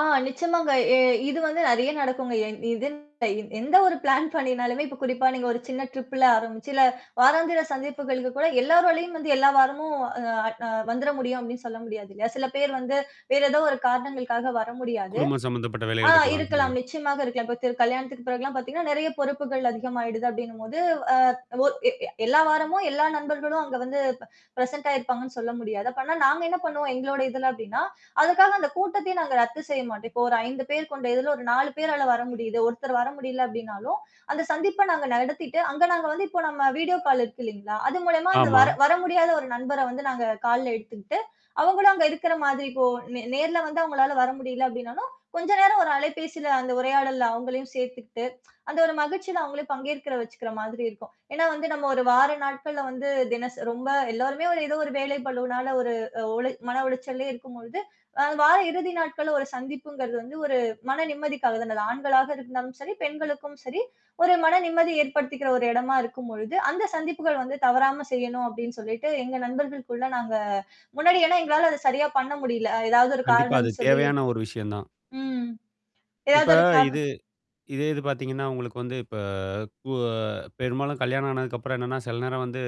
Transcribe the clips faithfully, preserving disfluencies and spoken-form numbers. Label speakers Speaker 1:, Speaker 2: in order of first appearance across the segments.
Speaker 1: ஆ நிச்சமாங்க. எ இது வந்து நெறைய நடக்குங்க. எ இதுன்ல எந்த ஒரு பிளான் பண்ணினாலுமே இப்ப குறிப்பா நீங்க ஒரு சின்ன ட்ரிப்ல ஆரம்பிச்சு இல்ல, வாராந்திர சந்திப்புகளுக்கு கூட எல்லாரலயும் வந்து எல்லா வாரமும் அ அ வந்துர முடியும் அப்டின்னு சொல்ல முடியாது இல்லையா? சில பேர் வந்து வேற ஏதோ ஒரு காரணங்களுக்காக வர முடியாது.
Speaker 2: குடும்பம் சம்மந்தப்பட்ட
Speaker 1: ஆ
Speaker 2: வேலைகள் இருக்கலாம்? சில
Speaker 1: இருக்கலாம்.
Speaker 2: பேரு.
Speaker 1: நிச்சியமாக இருக்கலாம். இப்ப திரு கல்யாணத்துக்கு பிறகுலாம் பார்த்தீங்கன்னா, நெறைய பொறுப்புகள் அதிகமாயிடுது அப்டின்னும்போது அ ஒ எ எல்லா வாரமும் எல்லா நண்பர்களும் அங்க வந்து ப் பிரசென்ட் ஆயிருப்பாங்கன்னு சொல்ல முடியாது. அப்ப ஆனா நாங்க என்ன பண்ணுவோம், எங்களோட இதுல அப்டின்னா, அதுக்காக அந்த கூட்டத்தையும் நாங்க ரத்து செய்ய மாட்டேம். இப்போ ஒரு ஐந்து பேர் கொண்ட இதுல ஒரு நாலு பேரால வர முடியுது. ஒருத்தர் வர முடியல அப்டினாலும், அந்த சந்திப்ப நாங்க நடத்திட்டு, அங்க நாங்க வந்து இப்போ நம்ம வீடியோ கால் இருக்கு இல்லைங்களா? அது மூலியமா அந்த
Speaker 2: ஆமா.
Speaker 1: வர வர முடியாத ஒரு நண்பர வந்து நாங்க கால்ல எடுத்துக்கிட்டு, அவங்களும் அங்க இருக்குற மாதிரி இப்போ நே நேர்ல வந்து அவங்களால வர முடியல அப்டின்னாலும், கொஞ்ச நேரம் ஒரு அலைபேசியில அந்த உரையாடல்ல அவங்களையும் சேர்த்துக்கிட்டு, அந்த ஒரு மகிழ்ச்சியில அவங்களே பங்கேற்கிற வச்சுக்கிற மாதிரி இருக்கும். ஏன்னா, வந்து நம்ம ஒரு வார நாட்கள்ல வந்து தினசரி ரொம்ப எல்லோருமே ஒரு ஏதோ ஒரு வேலை பழுனால ஒரு ஒளி மன ஒழிச்சல்லே இருக்கும்பொழுது, அ வார இறுதி நாட்கள்ல ஒரு சந்திப்புங்கிறது வந்து ஒரு மன நிம்மதிக்காக தான அது. ஆண்களாக இருந்தாலும் சரி, பெண்களுக்கும் சரி, ஒரு மன நிம்மதி ஏற்படுத்திக்கிற ஒரு இடமா இருக்கும்பொழுது, அந்த சந்திப்புகள் வந்து தவறாம செய்யணும் அப்டின்னு சொல்லிட்டு எங்க நண்பர்களுக்குள்ள நாங்க முன்னாடியெல்லாம் எங்களால அத சரியா பண்ண முடியல. ஏதாவது ஒரு
Speaker 2: கண்டிப்பா.
Speaker 1: காரணம்
Speaker 2: அது
Speaker 1: சொல்லி
Speaker 2: தேவையான ஒரு விஷயம் தான்.
Speaker 1: ம். ஏதாவது
Speaker 2: இப்ப
Speaker 1: ஒரு காரணம்
Speaker 2: இது இதே இது பார்த்தீங்கன்னா, உங்களுக்கு வந்து இப்ப கு அ பெரும்பாலும் கல்யாணம் ஆனதுக்கப்புறம் என்னன்னா, சில நேரம் வந்து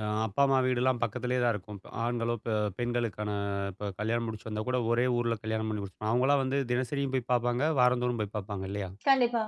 Speaker 2: அ அப்பா, அம்மா வீடுலாம் பக்கத்திலேயே தான் இருக்கும். ஆண்களோ, அ பெ பெண்களுக்கான இப்ப கல்யாணம் முடிச்சு வந்தா கூட ஒரே ஊர்ல கல்யாண பண்ணி முடிச்சி அவங்களாம் வந்து தினசரியும் போய் பார்ப்பாங்க. வாரந்தோறும் போய் பார்ப்பாங்க இல்லையா?
Speaker 1: கண்டிப்பா.